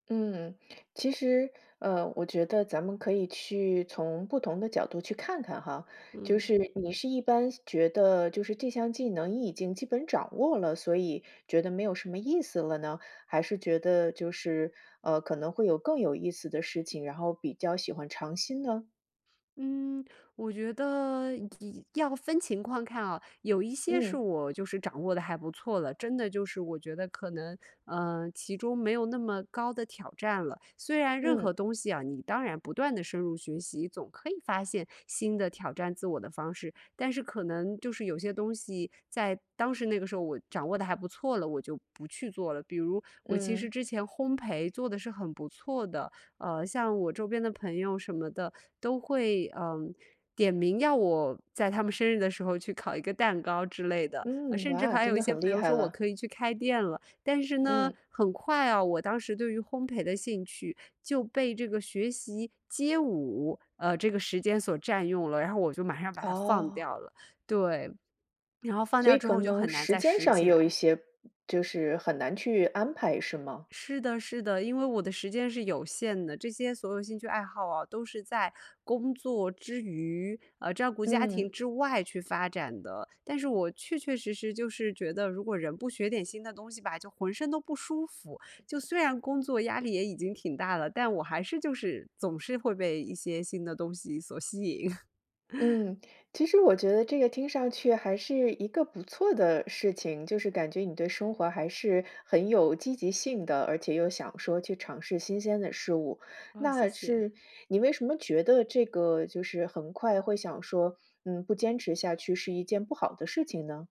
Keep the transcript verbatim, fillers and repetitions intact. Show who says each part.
Speaker 1: 嗯，其实，呃，我觉得咱们可以去从不同的角度去看看哈。就
Speaker 2: 嗯。
Speaker 1: 是你是一般觉得就是这项技能你已经基本掌握了，所以觉得没有什么意思了呢？还是觉得就是，呃，可能会有更有意思的事情，然后比较喜欢尝新呢？
Speaker 2: 嗯，我觉得要要分情况看啊。有一些是
Speaker 1: 嗯。
Speaker 2: 我就是掌握得还不错了，真的就是我觉得可能，呃，其中没有那么高的挑战了。虽然任何
Speaker 1: 嗯。
Speaker 2: 东西啊，你当然不断地深入学习，总可以发现新的挑战自我的方式。但是可能就是有些东西在当时那个时候我掌握得还不错了，我就不去做了。比如我其实
Speaker 1: 嗯。
Speaker 2: 之前烘培做得是很不错的，呃，像我周边的朋友什么的，都会，嗯，点名要我在他们生日的时候去烤一个蛋糕之类的，
Speaker 1: 嗯，
Speaker 2: 甚至
Speaker 1: 哇，
Speaker 2: 还
Speaker 1: 真
Speaker 2: 有一
Speaker 1: 的
Speaker 2: 些
Speaker 1: 很
Speaker 2: 朋
Speaker 1: 厉
Speaker 2: 友
Speaker 1: 害
Speaker 2: 说我
Speaker 1: 了。
Speaker 2: 可以去开店了。但是呢，
Speaker 1: 嗯。
Speaker 2: 很快啊，我当时对于烘培的兴趣就被这个学习街舞，呃，这个时间所占用了，然后我就马上把它放
Speaker 1: 哦。
Speaker 2: 掉了。对，然后放
Speaker 1: 所
Speaker 2: 掉
Speaker 1: 以
Speaker 2: 之
Speaker 1: 可
Speaker 2: 后就
Speaker 1: 能
Speaker 2: 很难
Speaker 1: 时
Speaker 2: 再
Speaker 1: 间
Speaker 2: 拾
Speaker 1: 上也
Speaker 2: 起
Speaker 1: 有一
Speaker 2: 来。
Speaker 1: 些，就是很难去安排是吗？
Speaker 2: 是的是的。因为我的时间是有限的，这些所有兴趣爱好啊，都是在工作之余，啊，照顾家庭
Speaker 1: 嗯。
Speaker 2: 之外去发展的。但是我确确实实就是觉得，如果人不学点新的东西吧，就浑身都不舒服。就虽然工作压力也已经挺大了，但我还是就是总是会被一些新的东西所吸引。
Speaker 1: 嗯，其实我觉得这个听上去还是一个不错的事情。就是感觉你对生活还是很有积极性的，而且又想说去尝试新鲜的事物。
Speaker 2: 哦，谢
Speaker 1: 那
Speaker 2: 谢。
Speaker 1: 是，你为什么觉得这个就是很快会想说，嗯，不坚持下去是一件不好的事情呢？